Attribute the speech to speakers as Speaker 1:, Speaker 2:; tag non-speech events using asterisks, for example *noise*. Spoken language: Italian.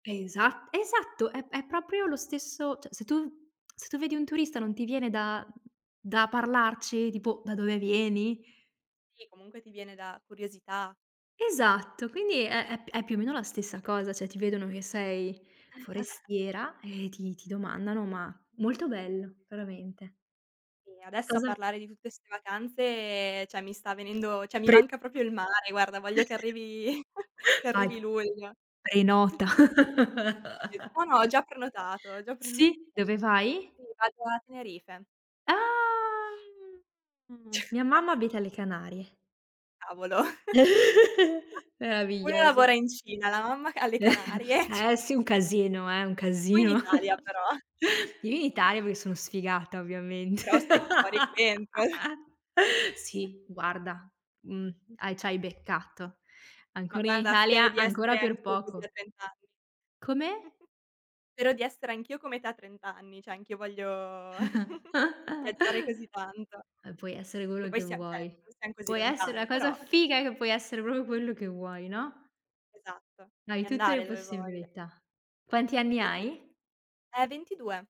Speaker 1: Esat esatto, è è proprio lo stesso cioè se tu se tu vedi un turista non ti viene da da parlarci? Tipo: "Da dove vieni?"
Speaker 2: Sì, comunque ti viene da curiosità.
Speaker 1: Esatto, quindi è è p è più o meno la stessa cosa. Cioè ti vedono che sei
Speaker 2: *chuckles*
Speaker 1: forestiera e ti ti domandano. Ma molto bello, veramente.
Speaker 2: E adesso a
Speaker 1: Cosa
Speaker 2: parlare di tutte 'ste vacanze, cioè mi sta venendo cioè mi
Speaker 1: Prenota.
Speaker 2: manca proprio il mare, guarda, voglio che
Speaker 1: *chuckles*
Speaker 2: arrivi *chuckles* che
Speaker 1: Vai,
Speaker 2: arrivi luglio.
Speaker 1: prenota.
Speaker 2: *chuckles* Sì, no, no, ho
Speaker 1: *chuckles*
Speaker 2: già prenotato, ho già preno
Speaker 1: Sì, dove vai?
Speaker 2: Sì, vado a Tenerife.
Speaker 1: Ah, mia mamma
Speaker 2: *chuckles*
Speaker 1: abita alle Canarie.
Speaker 2: Cavolo.
Speaker 1: *chuckles*
Speaker 2: *chuckles* Uno
Speaker 1: Meraviglioso.
Speaker 2: lavora in Cina, la mamma ca alle
Speaker 1: *chuckles*
Speaker 2: Canarie, c
Speaker 1: Eh, sì, un casino, eh, un
Speaker 2: Tu in
Speaker 1: casino.
Speaker 2: Italia
Speaker 1: *chuckles*
Speaker 2: però. *chuckles*
Speaker 1: Io in Italia perché sono sfigata, ovviamente.
Speaker 2: Però stai più fuori che
Speaker 1: *laughs*
Speaker 2: dentro. *chuckles*
Speaker 1: Sì, guarda, mhmm, a c'hai beccato.
Speaker 2: Ma
Speaker 1: Ancora in
Speaker 2: guarda, spero
Speaker 1: Italia,
Speaker 2: di
Speaker 1: ancora
Speaker 2: essere
Speaker 1: per
Speaker 2: anch'io così a
Speaker 1: poco.
Speaker 2: 30 anni.
Speaker 1: Come?
Speaker 2: *chuckles* Spero di essere anch'io come te a 30 anni, cioè anch'io voglio
Speaker 1: *chuckles*
Speaker 2: *chuckles* viaggiare
Speaker 1: Uhm,
Speaker 2: così tanto.
Speaker 1: puoi essere
Speaker 2: Che
Speaker 1: quello
Speaker 2: poi
Speaker 1: che
Speaker 2: siam cioè, non
Speaker 1: vuoi.
Speaker 2: siam così
Speaker 1: Puoi essere la
Speaker 2: lontani,
Speaker 1: cosa
Speaker 2: però.
Speaker 1: figa è che puoi essere proprio quello che vuoi, no.
Speaker 2: Esatto.
Speaker 1: Hai
Speaker 2: E
Speaker 1: tutte le
Speaker 2: andare dove voglia.
Speaker 1: possibilità. Quanti anni hai?
Speaker 2: *chuckles* Eh, 22.